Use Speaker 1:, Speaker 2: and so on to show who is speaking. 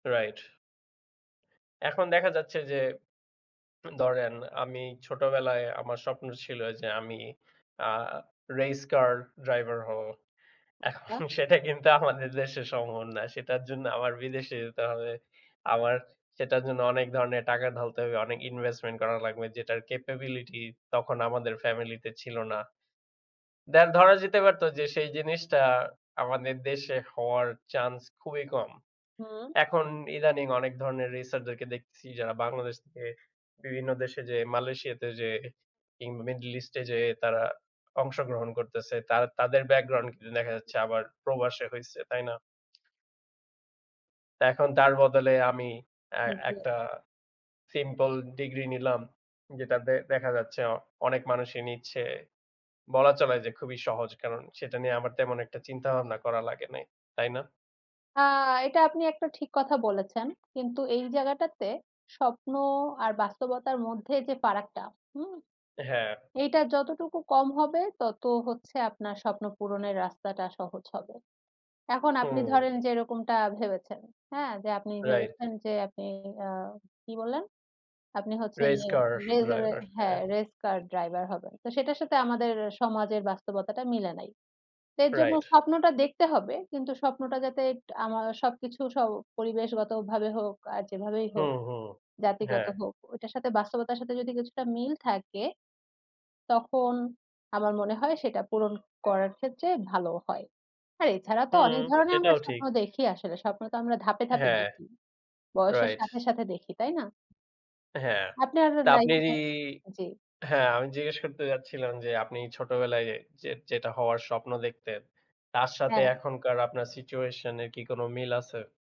Speaker 1: Right. এখন দেখা যাচ্ছে যে, ত ধরেন আমি ছোটবেলায় আমার স্বপ্ন ছিল যে আমি আ race car
Speaker 2: [unintelligible]
Speaker 1: driver হবো। এখন
Speaker 2: আচ্ছা।
Speaker 1: সেটা কিন্তু আমাদের দেশে সম্ভব না। সেটার জন্য আমার বিদেশে যেতে হবে। আমার সেটার জন্য অনেক ধরনের টাকা ঢালতে হবে, অনেক investment করা লাগবে যেটার
Speaker 2: [unintelligible]
Speaker 1: capability তখন আমাদের family তে ছিল না। দে ধরা যেতে পারতো যে সেই জিনিসটা আমাদের দেশে হওয়ার chance খুবই কম।
Speaker 2: হু।
Speaker 1: এখন ইদানিং অনেক ধরনের racer দেরকে দেখতেছি যারা বাংলাদেশ থেকে বিভিন্ন দেশে যেয়ে, মালয়েশিয়াতে যেয়ে, কিংবা middle east এ যেয়ে
Speaker 2: [unintelligible]
Speaker 1: তারা অংশগ্রহণ করতেছে। তা তাদের background কিন্তু দেখা যাচ্ছে
Speaker 2: [unintelligible]
Speaker 1: আবার প্রবাসে হইছে, তাই না? এখন তার বদলে আমি এ
Speaker 2: [unintelligible]
Speaker 1: একটা simple degree নিলাম যেটাতে দেখা যাচ্ছে অনেক মানুষই নিচ্ছে। বলা চলে যে খুবই সহজ কারণ সেটা নিয়ে আমার তেমন একটা চিন্তাভাবনা করা লাগে নাই, তাই না?
Speaker 2: আ এটা আপনি একটা ঠিক কথা বলেছেন। কিন্তু এই জায়গাটাতে স্বপ্ন আর বাস্তবতার মধ্যে যে ফারাকটা, হুম?
Speaker 1: হ্যাঁ।
Speaker 2: এইটা যতটুকু কম হবে তত হচ্ছে আপনার স্বপ্ন পূরণের রাস্তাটা সহজ হবে। এখন আপনি
Speaker 1: হুম।
Speaker 2: ধরেন যে এরকমটা ভেবেছেন, হ্যাঁ? যে আপনি
Speaker 1: Right।
Speaker 2: ভেবেছেন যে আপনি আ কি বললেন? আপনি হচ্ছে
Speaker 1: Race
Speaker 2: ইয়ে,
Speaker 1: car
Speaker 2: রেসের,
Speaker 1: driver।
Speaker 2: হ্যাঁ,
Speaker 1: হ্যাঁ।
Speaker 2: race car driver হবেন। তো সেটার সাথে আমাদের সমাজের বাস্তবতাটা মিলে নাই। এর জন্য
Speaker 1: Right।
Speaker 2: স্বপ্নটা দেখতে হবে কিন্তু স্বপ্নটা যাতে আমার সবকিছু সব পরিবেশগতভাবে হোক আর যেভাবেই হোক
Speaker 1: হুম, হুম,
Speaker 2: জাতিগত
Speaker 1: হ্যাঁ।
Speaker 2: হোক, ওইটার সাথে বাস্তবতার সাথে যদি কিছুটা মিল থাকে তখন আমার মনে হয় সেটা পূরণ করার ক্ষেত্রে ভালো হয়। আর এছাড়া তো
Speaker 1: হুম,
Speaker 2: অনেক ধরনের আমরা
Speaker 1: সেটাও ঠিক।
Speaker 2: স্বপ্ন দেখি আসলে। স্বপ্ন তো আমরা ধাপে, ধাপে
Speaker 1: হ্যাঁ।
Speaker 2: দেখি বয়সের
Speaker 1: Right।
Speaker 2: সাথে, সাথে দেখি, তাই না?
Speaker 1: হ্যাঁ,
Speaker 2: আপনার
Speaker 1: তা আপনি
Speaker 2: life এ জি।
Speaker 1: হ্যাঁ, আমি জিজ্ঞেস করতে চাচ্ছিলাম যে আপনি ছোটবেলায় যে যেটা হওয়ার স্বপ্ন দেখতেন তার সাথে
Speaker 2: হ্যাঁ।
Speaker 1: এখনকার আপনার situation এর কি কোনো মিল আছে?